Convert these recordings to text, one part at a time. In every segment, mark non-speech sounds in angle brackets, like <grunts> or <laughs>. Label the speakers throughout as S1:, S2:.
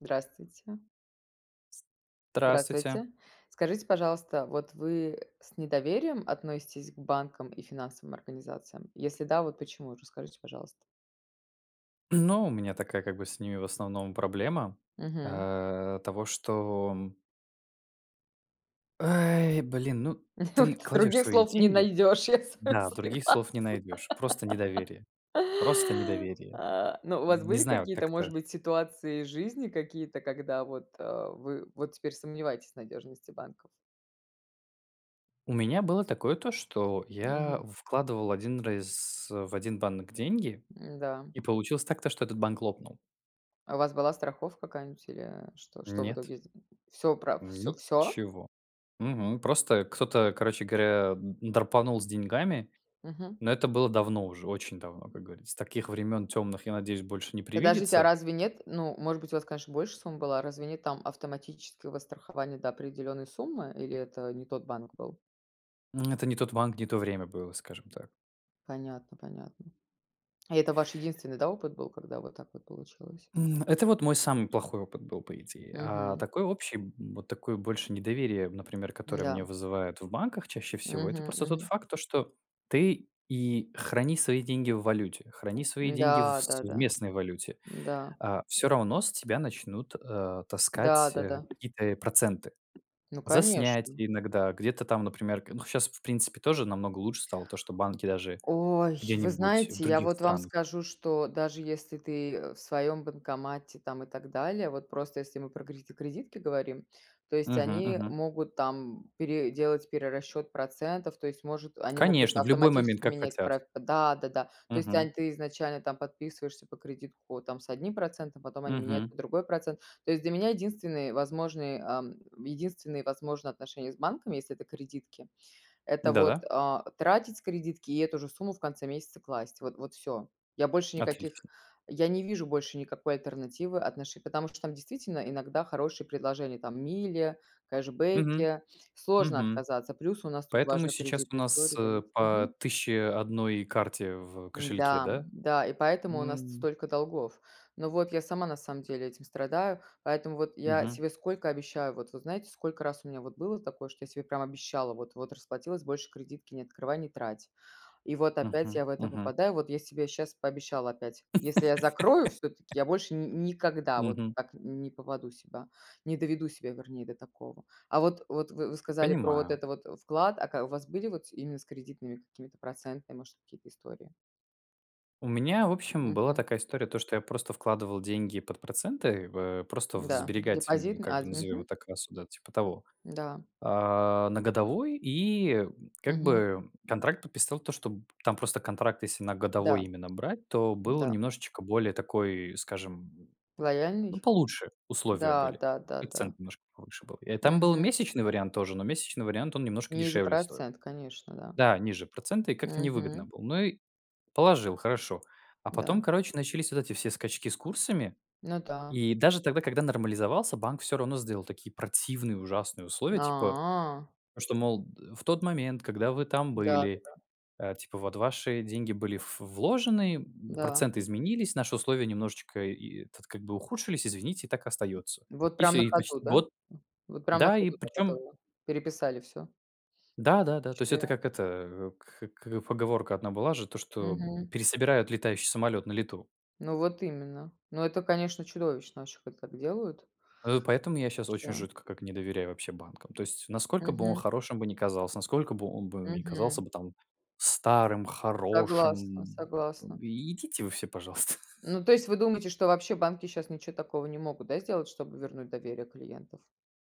S1: Здравствуйте.
S2: Здравствуйте.
S1: Здравствуйте. Скажите, пожалуйста, вот вы с недоверием относитесь к банкам и финансовым организациям? Если да, вот почему, расскажите, пожалуйста.
S2: Ну, у меня такая как бы с ними в основном проблема,
S1: Мгм.
S2: э, того что м Эй, блин, ну ты
S1: Вот.
S2: кладешь
S1: Других
S2: свои
S1: слов не
S2: деньги,
S1: найдёшь, я с вами
S2: да,
S1: согласна.
S2: других слов не найдешь. Просто
S1: <laughs>
S2: недоверие. Просто недоверие.
S1: А. Но у вас
S2: Не
S1: были
S2: знаю
S1: какие-то,
S2: как-то
S1: может быть, ситуации из жизни какие-то, когда вот, э, вы вот теперь сомневаетесь в надежности банков?
S2: У меня было такое то, что я
S1: Мгм.
S2: вкладывал один раз в один банк деньги
S1: М-да, м.
S2: и получилось так, то что этот банк лопнул.
S1: А у вас была страховка какая-нибудь или Что что в
S2: Нет.
S1: итоге сд Всё пра всё, всё?
S2: Ничего. Мгм. Просто кто-то, короче говоря, драпанул с деньгами.
S1: Мгм.
S2: Но это было давно уже, очень давно, как говорится. Таких времён тёмных, я надеюсь, больше не
S1: Подождите, а
S2: привидится.
S1: разве нет, ну, может быть, у вас, конечно, больше сумма была, разве нет там автоматического страхования до определённой суммы? Или это не тот банк был?
S2: М, это не тот банк, не то время было, скажем так.
S1: Понятно понятно. И это ваш единственный, да, опыт был, когда вот так вот получилось?
S2: М, это вот мой самый плохой опыт был, по идее. А
S1: Мгм.
S2: такое общий, м, вот такое больше недоверие, например, которое мне
S1: М-да.
S2: вызывает в банках чаще всего, это
S1: Мгм
S2: просто тот
S1: мгм.
S2: факт, что ты и храни свои деньги в валюте, храни свои деньги в с
S1: Да-да-да.
S2: местной валюте,
S1: Да.
S2: э, всё равно с тебя начнут, э, таскать, э,
S1: Да-да-да.
S2: какие-то и проценты,
S1: Ну
S2: за
S1: конечно.
S2: снятие иногда, где-то там, например, к ну щас в принципе тоже намного лучше стало то, что банки даже
S1: Ой, вы
S2: где-нибудь в
S1: знаете, я
S2: других
S1: вот вам
S2: странах.
S1: скажу, что даже если ты, э, в своем банкомате, там, и так далее. Вот просто если мы про кред кредитки говорим, то есть
S2: Мгм
S1: они
S2: мгм.
S1: могут там пере делать перерасчёт процентов, то есть может, они могут
S2: Конечно, в любой момент,
S1: автоматически
S2: как
S1: менять
S2: хотят.
S1: проц Да-да-да. То есть
S2: Мгм.
S1: онь ты изначально там подписываешься по кредитку по там, с одним процентом, потом они меняют
S2: Мгм.
S1: под другой процент. То есть для меня единственные возможные, эм единственные возможные отношения с банком, если это кредитки, это вот,
S2: Да-да.
S1: э, тратить с кредитки, и эту же сумму в конце месяца класть. Вот вот всё. Я больше никаких
S2: Отлично.
S1: я не вижу больше никакой альтернативы отношений Потому что там действительно иногда хорошие предложения, там мили,
S2: Мгм.
S1: кэшбэки, сложно
S2: Мгм.
S1: отказаться, плюс у нас тут
S2: Поэтому
S1: важно
S2: сейчас у
S1: кредитную
S2: нас,
S1: историю там
S2: э,
S1: ить
S2: по
S1: Мгм.
S2: 1001 карте в кошельке,
S1: М-да,
S2: да?
S1: м-да, и поэтому у нас с
S2: М.
S1: столько долгов. Но вот я сама на самом деле этим страдаю, поэтому вот я
S2: Мгм.
S1: себе сколько обещаю. Вот вы знаете, сколько раз у меня вот было такое, что я себе прям обещала, вот вот расплатилась, больше кредитки не открывай, не трать. И вот опять
S2: Мгм,
S1: я в это
S2: мгм.
S1: попадаю, вот я себе щас пообещала опять, если я закрою всё-таки,
S2: <laughs>
S1: я больше ни никогда вот
S2: Мгм.
S1: так не попаду себя, не доведу себя вернее до такого. А вот вот вы вы сказали про вот
S2: Понимаю.
S1: это вот вклад. А ка у вас были вот с именно с кредитными какими-то процентными, может, какие-то истории?
S2: У меня в общем была
S1: Мгм.
S2: такая история, то что я просто вкладывал деньги под проценты в, э, просто в
S1: Да,
S2: сберегательные,
S1: депозитный
S2: как бы,
S1: азм
S2: назовем
S1: Мгм.
S2: это кассу, типа того.
S1: Да.
S2: А, на годовой, и, как
S1: Мгм.
S2: бы, контракт подписал то что б там просто контракт если на годовой
S1: Да,
S2: именно брать, то было
S1: да.
S2: немножечко более такой скажем, ну
S1: Лояльный?
S2: получше условия
S1: Да
S2: были.
S1: да
S2: И
S1: да
S2: процент
S1: да.
S2: немножко повыше был. И там был
S1: Мгм.
S2: месячный вариант тоже, но месячный вариант он немножко
S1: Ниже
S2: дешевле стоил.
S1: процент, конечно, да.
S2: Да, ниже проценты и как-то невыгодно
S1: Мгм.
S2: было. Ну и положил, хорошо, а
S1: Да.
S2: потом короче начались вот эти все скачки с курсами.
S1: Ну да.
S2: И даже тогда, когда нормализовался, банк всё равно сделал такие противные ужасные условия, типа,
S1: А.
S2: что, мол, д в тот момент, когда вы там были,
S1: Да-да-да.
S2: э, типа, вот ваши деньги были ф вложены, б
S1: Да.
S2: проценты изменились, наши условия немножечко и э, тут как бы ухудшились. Извините, так и остается.
S1: Вот
S2: И
S1: прям
S2: всё.
S1: на
S2: И почти
S1: ходу, да?
S2: год.
S1: М, вот прям на
S2: Да, и
S1: ходу так это
S2: причем
S1: вот переписали всё.
S2: Да-да-да. То есть
S1: Вообще.
S2: это как это кх к поговорка одна была же, то что, м,
S1: Мгм.
S2: пересобирают летающий самолет на лету.
S1: Ну, вот именно. Ну это, конечно, чудовищно, вообще когда так делают.
S2: Э, поэтому я щас очень
S1: Еще
S2: жутко как не доверяю вообще банкам. То есть насколько бы он
S1: Мгм.
S2: хорошим бы не казался, насколько бы он бы не казался
S1: Мгм.
S2: бы там старым,
S1: Согласна
S2: хорошим, м,
S1: согласна.
S2: и идите вы все, пожалуйста. <laughs>
S1: Ну, то есть, вы думаете, что вообще банки щас ничего такого не могут, да, сделать, чтобы вернуть доверие клиентов?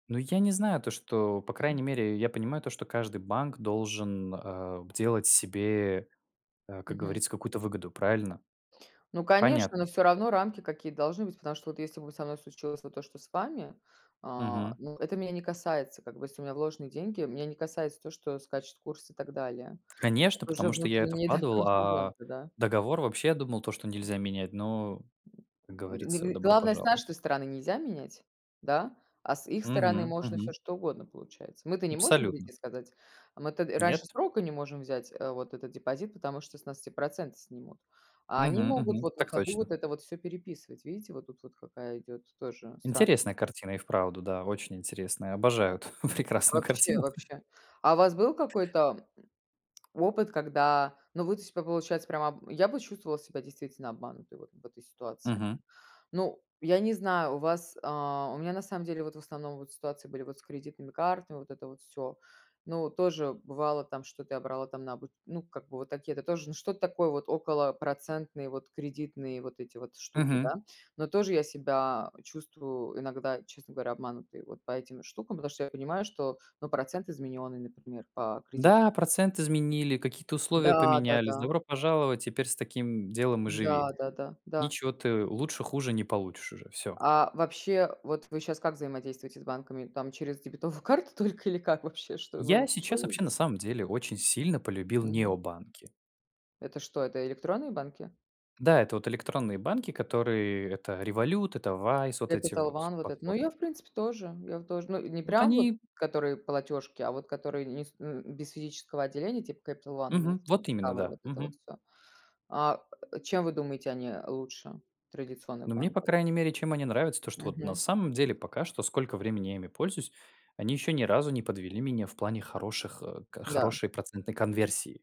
S2: Ну я не знаю то, что по крайней
S1: М.
S2: мере я понимаю, то что каждый банк должен, э, делать себе, э, как
S1: Мгм.
S2: говорится, какую-то выгоду, правильно?
S1: Ну, конечно,
S2: Понятное
S1: но всё
S2: дело.
S1: равно рамки какие-то должны быть, потому что вот если бы со мной случилось вот то, что с вами, а,
S2: Мгм.
S1: ну, это меня не касается, как бы если у меня вложены деньги, меня не касается то, что скачет курс, и так далее.
S2: Конечно,
S1: Это уже
S2: потому что я это
S1: внутренние, да, к
S2: вкладывал, а
S1: клиенты, да.
S2: договор вообще я думал то, что нельзя менять, но, как
S1: <grunts> Ны
S2: говорится:
S1: гы
S2: "Добро
S1: главное с
S2: пожаловать".
S1: нашей-то стороны нельзя менять, да? А с их стороны
S2: Мгм.
S1: можно всё,
S2: Мгм.
S1: что угодно получается. Мы-то не можем
S2: Абсолютно.
S1: "берите" сказать. Мы-то
S2: Нет.
S1: раньше срока не можем взять, э, вот этот депозит, потому что с нас все проценты снимут, а они
S2: Мгм
S1: могут
S2: мгм.
S1: вот на
S2: Так
S1: ходу
S2: точно.
S1: вот это всё переписывать. Видите, вот тут вот какая идет, тоже, странно.
S2: Интересная картина, и вправду. Да. Очень интересная. Обожаю эту <chuckles>
S1: М, ну
S2: прекрасную
S1: вообще
S2: картину. <chuckles>
S1: вообще. А у вас был какой-то, м, опыт, когда, ну, вы, то типа по получается прямо об я бы чувствовала себя действительно обманутой вот в этой ситуации.
S2: Мгм.
S1: Ну, я не знаю, у вас а, у меня, на самом деле, вот в основном вот ситуации были вот с кредитными картами, вот это вот всё. Ну, тоже бывало там, что-то я брала там на обу ну, как бы вот такие это тоже ну что-то такое вот, около процентные, вот кредитные, вот эти вот штуки, да.
S2: Мгм.
S1: Но тоже я себя чувствую иногда, честно говоря, обманутой вот по этим штукам, потому что я понимаю, что, ну, процент изменённый, например, по кредит
S2: Да, процент изменили, какие-то условия
S1: Да,
S2: поменялись.
S1: да-да.
S2: Добро пожаловать, теперь с таким делом и живи.
S1: Да, да-да. Да.
S2: Ничего ты лучше- хуже не получишь уже. Всё.
S1: А вообще, вот вы щас как взаимодействуете с банками? Там через дебетовую карту только или как вообще? Что
S2: Я
S1: вы
S2: сейчас вообще,
S1: выведете?
S2: на самом деле, очень сильно полюбил
S1: Мгм.
S2: необанки.
S1: Это что, это электронные банки?
S2: Да, это вот электронные банки, которые это Revolute, это Wise, вот эти
S1: Capital
S2: вот
S1: One вот этот. Ну
S2: платформы.
S1: я, в принципе, тоже. Я вот тоже. Ну не
S2: Вот
S1: прям вот,
S2: они
S1: которые платежки, а вот которые не с н без физического отделения типа Capital One у нас
S2: Мгм.
S1: вот
S2: Вот именно,
S1: Discover,
S2: да.
S1: вот это вот
S2: Мгм.
S1: всё. А чем вы думаете, они, э, лучше традиционных
S2: Ну мне, по
S1: банков?
S2: крайней мере, чем они нравятся, то что вот на
S1: Мгм.
S2: самом деле пока что, сколько времени я ими пользуюсь, они еще ни разу не подвели меня в плане хороших, э, к
S1: Да.
S2: хорошей процентной конверсии.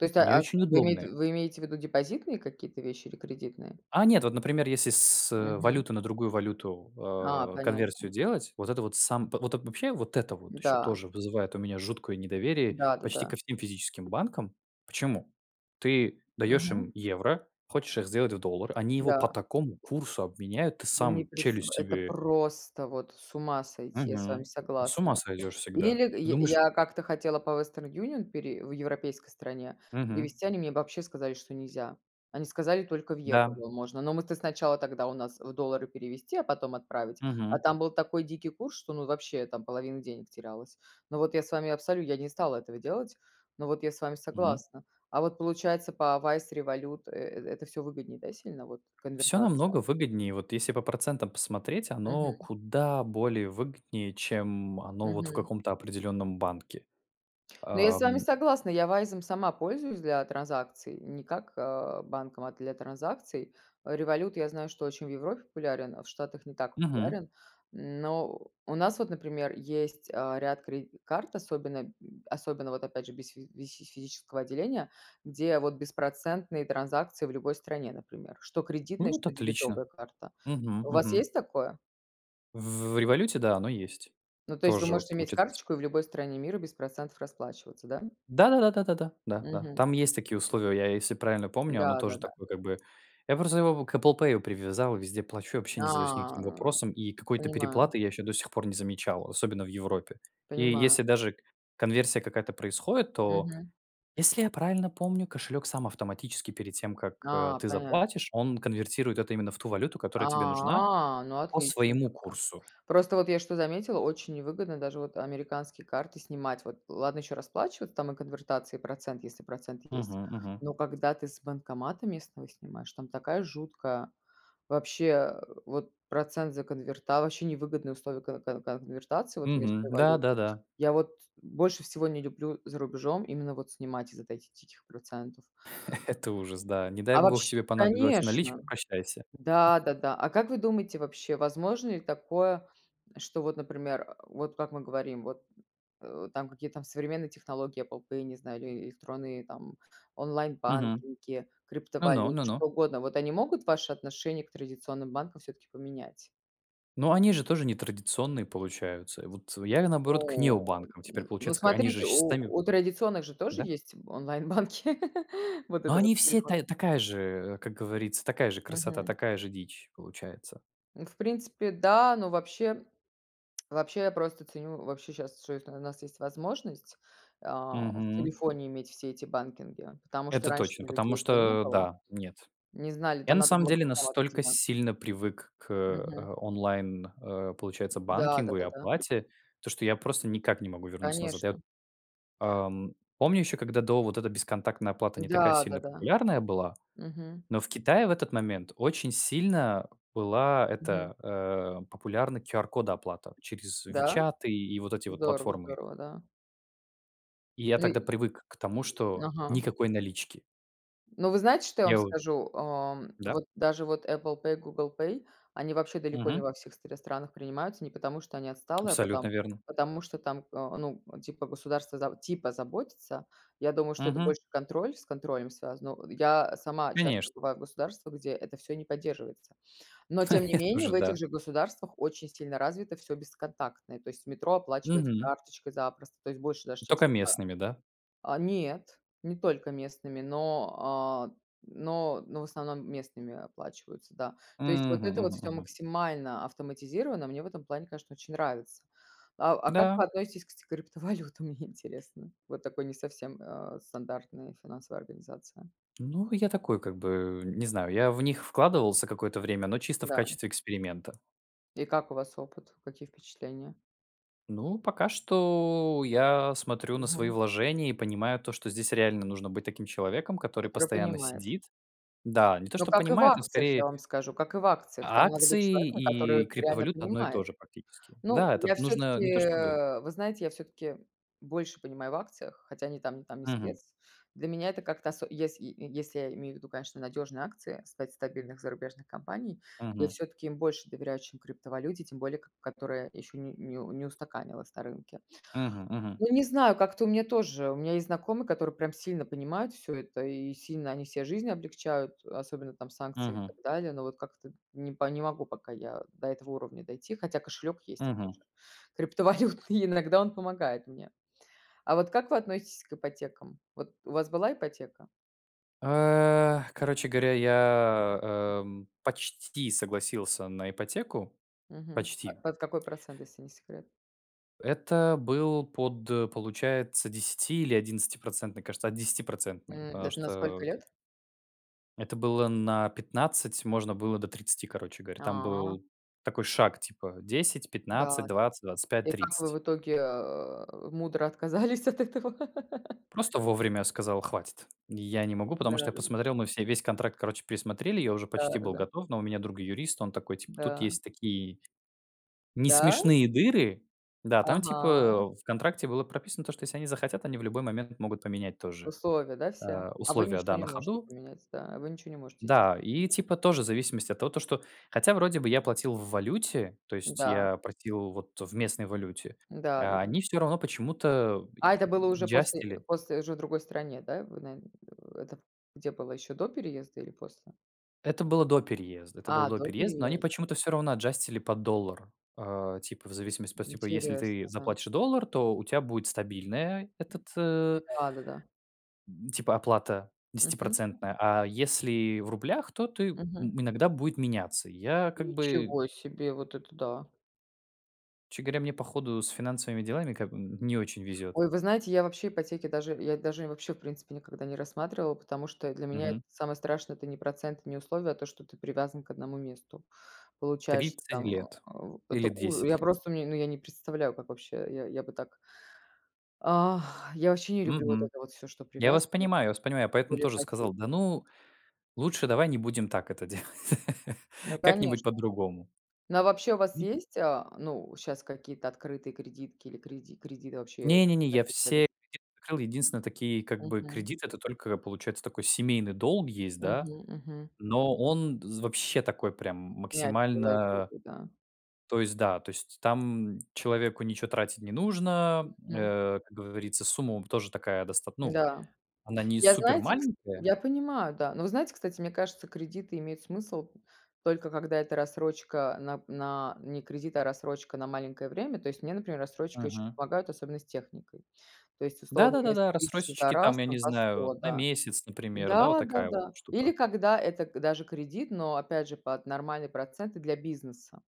S1: То есть,
S2: Они
S1: а а, с
S2: очень
S1: вы имеете
S2: удобные.
S1: вы имеете ввиду депозитные какие-то вещи, или кредитные?
S2: А нет, вот например, если с, э,
S1: Мгм.
S2: валюты на другую валюту,
S1: А.
S2: э, конверсию
S1: Понятно.
S2: делать. Вот это вот сам во вот вообще, вот это вот, еще
S1: М-да.
S2: тоже вызывает у меня жуткое недоверие, почти
S1: Да-да-да.
S2: ко всем физическим банкам. Почему? Ты даешь им
S1: Мгм.
S2: евро, хочешь их сделать в доллар, они его по
S1: Да.
S2: такому курсу обменяют, ты
S1: Вы не
S2: сам
S1: прис
S2: челюсть
S1: это
S2: себе
S1: просто вот, с ума сойти, я с вами
S2: Мгм. Ну с ума
S1: согласная.
S2: сойдешь всегда.
S1: Или
S2: Ты
S1: я
S2: думаешь, э
S1: я как-то хотела по Western Union пере в европейской стране
S2: Мгм.
S1: перевести, они мне вообще сказали, что нельзя. Они сказали, только в
S2: Да.
S1: евровом можно. Но мы-то сначала тогда у нас в доллары перевести, а потом отправить, а
S2: Мгм.
S1: там был такой дикий курс, что ну вообще там половина денег терялась. Но вот я с вами абсолю я не стала этого делать, но вот я с вами
S2: Мгм.
S1: согласна. А вот получается по Wise, Revolute э это всё выгоднее, да, сильно, вот
S2: Всё
S1: конвертация?
S2: намного выгоднее. Вот если по процентам посмотреть, оно
S1: Мгм.
S2: куда более выгоднее, чем оно вот в
S1: Мгм.
S2: каком-то определенном банке.
S1: Ну, я с вами
S2: Эм
S1: согласна, я "Вайзом" сама пользуюсь для транзакций, не как, э, банком, а для транзакций, э, Revolute, я знаю, что очень в Европе популярен, а в Штатах не так
S2: Мгм.
S1: популярен. Но у нас вот, например, есть, э, ряд кред карт, особенно, м, особенно, вот опять же, без фи фи физического отделения, где вот беспроцентные транзакции в любой стране, например, что
S2: Ну
S1: кредитная,
S2: вот
S1: что
S2: отлично.
S1: дебетовая карта.
S2: Мгм,
S1: У вас
S2: мгм.
S1: есть такое?
S2: В "Революте" да, оно есть.
S1: Ну, то есть, вы
S2: Тоже вот
S1: можете иметь
S2: получается <unintelligible>
S1: карточку и в любой стране мира без процентов расплачиваться, да?
S2: Да-да-да-да да-да, да, да.
S1: Мгм.
S2: Там есть такие условия. Я, если правильно помню, оно тоже
S1: Да-да-да.
S2: такое как бы. Я просто его к "Эппл пэю" привязал и везде плачу, и вообще не задаюсь никаким
S1: А, э,
S2: вопросом, и
S1: <grunts>
S2: какой-то
S1: понимаю.
S2: переплаты я еще до сих пор не замечал, особенно в Европе. И
S1: Понимаю.
S2: если даже к конверсия какая-то происходит, то
S1: Мгм.
S2: если я правильно помню кошелек сам автоматически перед тем, как, э,
S1: А,
S2: ты
S1: понятно.
S2: заплатишь, он конвертирует это именно в ту валюту, которая тебе нужна
S1: А, ну,
S2: по
S1: отлично
S2: своему
S1: тогда.
S2: курсу.
S1: Просто вот я что заметила, очень невыгодно даже вот американские карты снимать вот. Ладно, ещё расплачиваться там и конвертации, и процент, если процент есть,
S2: Мгм мгм.
S1: но когда ты с банкомата местного снимаешь, там такая жуткая. Вообще, э, вот процент за конверта ваще невыгодные условия ко кон конвертации вот
S2: Мгм.
S1: местной валюты.
S2: Да-да-да.
S1: Я вот больше всего не люблю за рубежом именно вот снимать из-за от этих диких процентов.
S2: <chuckles> Это ужас, да. Не дай
S1: А
S2: бог
S1: вообщ
S2: тебе понадобилась
S1: Конечно!
S2: наличка. Прощайся. <chuckles>
S1: Да-да-да. А как вы думаете, вообще возможно ли такое, что, вот например, э, вот как мы говорим, вот, э, там какие-то современные технологии Аpple pay, я не знаю, или электронные там:
S2: Мгм.
S1: онлайн-банкинги,
S2: Но-но,
S1: криптовалюты, что
S2: ну-ну
S1: угодно. Вот они могут ваше отношение к традиционным банкам всё-таки поменять?
S2: Ну, они же тоже не традиционные, получаются. Вот я ве наоборот к
S1: Ну.
S2: необанкам теперь
S1: Н ну,
S2: получается к они же
S1: смотрите,
S2: щ с
S1: у
S2: сами
S1: у традиционных же тоже
S2: Да.
S1: есть онлайн-банки. <laughs> Вот
S2: Но
S1: это вот,
S2: они
S1: в
S2: всё
S1: телефоне.
S2: та такая же, э, э, как говорится, такая же красота,
S1: Мгм.
S2: такая же дичь получается.
S1: Ну, в принципе, да, но вообще вообще, я просто ценю, вообще, щас что это на нас есть возможность, э, в
S2: Мгм.
S1: телефоне иметь все эти банкинги, потому что
S2: Это точно,
S1: раньше-то у
S2: потому
S1: людей этого не
S2: что
S1: было.
S2: да, нет.
S1: Не знали,
S2: Я
S1: там
S2: на
S1: надо
S2: самом
S1: было
S2: деле
S1: узнавать идти,
S2: настолько
S1: да.
S2: сильно привык к,
S1: Мгм.
S2: э, онлайн, э, получается,
S1: Да,
S2: банкингу и
S1: да-да-да.
S2: оплате, то что я просто никак не могу вернуться назад. Я вот,
S1: Конечно.
S2: ам, помню, еще когда до вот эта бесконтактная оплата не такая
S1: Да,
S2: сильно
S1: да-да.
S2: популярная была,
S1: Мгм.
S2: но в Китае в этот момент очень сильно была
S1: Мгм.
S2: эта, э, популярна QR-код оплата через
S1: Да?
S2: "Вичаты" и вот эти вот
S1: Здорово
S2: платформы их.
S1: здорово. Да.
S2: И я тогда
S1: Эй
S2: привык к тому,
S1: Э,
S2: что
S1: ага.
S2: никакой налички.
S1: Ну, вы знаете, что я вам
S2: Я вот
S1: скажу? Эм,
S2: Да.
S1: вот даже вот Apple Pay и Google Pay- они вообще далеко не
S2: Мгм.
S1: во всех стр странах принимаются, не потому, что они отсталые, а
S2: Абсолютно
S1: потом
S2: верно.
S1: потому что там, а, ну, типа государство заб типа заботится. Я думаю, что это
S2: Мгм.
S1: больше контроль, с контролем связано. Но, я сама
S2: Конечно.
S1: часто бываю в государствах, где это всё не поддерживается, но тем
S2: <chuckles>
S1: не
S2: Я
S1: менее,
S2: тоже,
S1: в этих
S2: да.
S1: же государствах очень сильно развито всё бесконтактное. То есть метро оплачивается
S2: Мгм.
S1: карточкой запросто, то есть больше даже,
S2: И
S1: чем в
S2: только
S1: США.
S2: местными, да?
S1: А, нет, не только местными, но, а, но но в основном местными оплачиваются, да. То есть, вот
S2: Мгм
S1: это вот
S2: мгм
S1: всё
S2: мгм.
S1: максимально автоматизировано, мне в этом плане, конечно, очень нравится. А а как
S2: Да.
S1: вы относитесь к с криптовалютам, мне интересно, вот такой не совсем, а, стандартной финансовой организации?
S2: Ну, я такой как бы, не знаю, я в них вкладывался какое-то время, но чисто в
S1: Да.
S2: качестве эксперимента.
S1: И как у вас опыт, какие впечатления?
S2: Ну, пока что я смотрю на свои
S1: Мгм.
S2: вложения и понимаю то, что здесь реально нужно быть таким человеком, который
S1: Который
S2: постоянно
S1: понимает.
S2: сидит. Да. Не то
S1: Ну,
S2: чтоб
S1: как и в
S2: понимает, он
S1: акциях, я
S2: скорее
S1: вам скажу, как и в акциях.
S2: А
S1: Там надо быть
S2: акции
S1: человеком,
S2: и
S1: который реально
S2: криптовалюта- одно и то
S1: понимает.
S2: же практически.
S1: Ну
S2: Да.
S1: я
S2: Этот нужно,
S1: всё-таки,
S2: не то чтобы
S1: э вы знаете, я всё-таки больше понимаю в акциях, хотя ни там, ни там не
S2: Мгм.
S1: спец. Для меня это как-то осо если е если я имею в виду, конечно, надёжные акции, стать стабильных зарубежных компаний, я
S2: Мгм.
S1: всё-таки им больше доверяю, чем криптовалюте, тем более, к которая ещё не не не устаканилась на рынке.
S2: Мгм мгм.
S1: Ну, не знаю, как-то у меня тоже, у меня есть знакомые, которые прям сильно понимают всё это, и сильно они себе жизнь облегчают, особенно там с санкциями, и
S2: Мгм.
S1: так далее. Но вот как-то не п не могу пока я до этого уровня дойти, хотя кошелек есть,
S2: Мгм.
S1: опять же, криптовалютный, иногда он помогает мне. А вот как вы относитесь к ипотекам? Вот у вас была ипотека?
S2: Э, короче говоря, я, эм, почти согласился на ипотеку.
S1: Мгм. П
S2: Почти.
S1: под какой процент, если не секрет?
S2: Это был под, получается, 10 или 11%, кажется, от 10%,
S1: М, д
S2: потому
S1: это на
S2: что,
S1: сколько
S2: у те
S1: лет?
S2: Это было на 15, можно было до 30, короче говоря. Там
S1: А.
S2: был такой шаг, типа десять пятнадцать
S1: Да-да-д
S2: двадцать двадцать пять
S1: И как вы
S2: тридцать.
S1: в итоге, а, мудро отказались от этого? <laughs>
S2: Просто вовремя сказал: "Хватит. Я не могу", потому что я
S1: Да-да-да.
S2: посмотрел, мы все весь контракт, короче, пересмотрели. Я уже почти был
S1: Да-да-да.
S2: готов, но у меня друг- юрист. Он такой, типа: "Тут
S1: Да.
S2: есть такие
S1: Да?
S2: несмешные дыры". Да, там,
S1: Ага.
S2: типа, в контракте было прописано то, что если они захотят, они в любой момент могут поменять тоже,
S1: Условия, да, все?
S2: э,
S1: А вы
S2: условия,
S1: ничего
S2: да, на
S1: не можете
S2: ходу
S1: поменять, да, а вы ничего не можете,
S2: Да,
S1: естественно,
S2: и,
S1: поменять.
S2: типа, тоже в зависимости от того, то что, хотя, вроде бы, я платил в валюте, то есть
S1: Да.
S2: я платил вот в местной валюте, а
S1: Да-да-да.
S2: они всё равно почему-то б я
S1: А это было
S2: б
S1: уже после э,
S2: аджастили.
S1: после уже в другой стране, да? Вы наве <grunts> это где было, ещё до переезда, или после?
S2: Это было до переезда. Это было
S1: А,
S2: до
S1: до
S2: переезда. Но они
S1: переезда.
S2: почему-то всё равно аджастили Под доллару. А, типа, в зависимости, по типу, если ты
S1: Интересно, да.
S2: заплатишь доллар, то у тя будет стабильная
S1: М,
S2: этот, б
S1: да-да-да.
S2: типа оплата
S1: Мгм.
S2: 10 %. А если в рублях, то ты, м
S1: Мгм.
S2: иногда будет меняться. И я как бы
S1: Ничего себе, вот это да.
S2: Честно говоря, мне, по ходу, с финансовыми делами, как бы, н не очень везет.
S1: Ой, вы знаете, я вообще ипотеки даже я даже вообще в принципе никогда не рассматривала, потому что для меня это
S2: Мгм.
S1: самое страшное- это не процент и не условия, а то, что ты привязан к 1 месту. Получаешь ты
S2: 30
S1: там,
S2: лет
S1: э, у
S2: или
S1: это уж Я
S2: 10 лет?
S1: просто мне, ну, я не представляю, как вообще, э, я, я бы так Ах, я ваще не люблю вот
S2: Мгм.
S1: это вот всё, что
S2: Я вас
S1: привязывает,
S2: понимаю я вас понимаю. Я
S1: тем
S2: поэтому
S1: более
S2: тоже
S1: ипотеки.
S2: сказал: "Да, ну, лучше давай не будем так это делать". <laughs>
S1: Ну,
S2: Как-нибудь
S1: конечно.
S2: по-другому.
S1: Ну, а вообще, у вас есть, а, ну, э, щас какие-то открытые кредитки или креди кредиты вообще?
S2: Не-не-не, я
S1: <unintelligible>
S2: все кредиты закрыл. Единственное, такие как бы
S1: Мгм.
S2: кредиты- это только получается, такой семейный долг есть, да,
S1: Мгм. Мгм.
S2: но он з вообще такой прям, м,
S1: Мягкие
S2: максимально
S1: лайтопы, да.
S2: То есть да, то есть там, человеку ничего тратить не нужно.
S1: Мгм.
S2: Э, как говорится, сумма тоже такая достат ну,
S1: Да.
S2: она не
S1: Я,
S2: супер
S1: знаете, кс
S2: маленькая.
S1: я понимаю, да, но вы знаете, кстати, мне кажется, кредиты имеют смысл, только когда это рассрочка, нап на не кредит, а рассрочка на маленькое время. То есть мне, например, рассрочка ещё
S2: Мгм.
S1: помогает, особенно с техникой. То есть,
S2: Да
S1: условно,
S2: да да
S1: вместо
S2: да,
S1: 1000 за
S2: рассрочечки там,
S1: раз
S2: я
S1: там
S2: не
S1: по 100,
S2: знаю, на
S1: да.
S2: месяц, например, да, вот такая вот
S1: Да-да-да. Или
S2: штука.
S1: когда это к даже кредит, но опять же под нормальные проценты для бизнеса.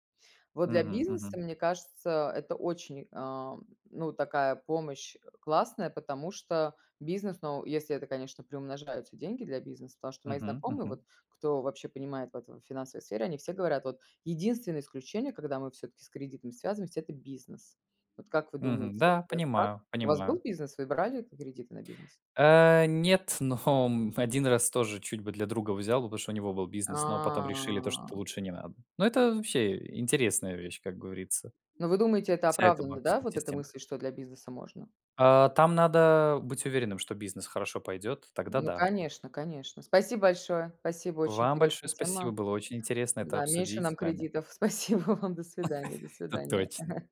S1: Вот для
S2: Мгм
S1: бизнеса,
S2: мгм.
S1: мне кажется, это очень, ам, ну, такая помощь, э, классная, потому что бизнес, но если это, конечно, приумножаются деньги для бизнеса, потому что мои
S2: Мгм
S1: знакомые вот,
S2: мгм.
S1: кто вообще понимает в этой финансовой сфере, они все говорят вот: "Единственное исключение, когда мы всё-таки с кредитом связываемся- это бизнес". Вот как вы
S2: Мгм.
S1: думаете,
S2: Да,
S1: это так?
S2: понимаю
S1: У вас был
S2: понимаю.
S1: бизнес? Вы брали кредиты на бизнес?
S2: А, нет, но, м 1 раз тоже чуть бы для друга взял бы, потому что у него был бизнес, но потом
S1: А.
S2: решили то, что лучше не надо. Но это вообще интересная вещь, как говорится.
S1: Но вы думаете, это
S2: Вся эта
S1: оправдано, да?
S2: банковская
S1: Вот эта
S2: система.
S1: мысль, что для бизнеса можно?
S2: А, там надо быть уверенным, что бизнес хорошо пойдет, тогда
S1: Ну,
S2: да.
S1: конечно конечно. Спасибо большое, спасибо, очень
S2: Вам большое
S1: интересная
S2: спасибо.
S1: тема.
S2: Было очень интересно это
S1: Да, меньше
S2: обсудить с
S1: нам
S2: вами.
S1: кредитов. Спасибо вам, до свидания до
S2: <laughs> Это
S1: свидания.
S2: точно.
S1: <chuckles>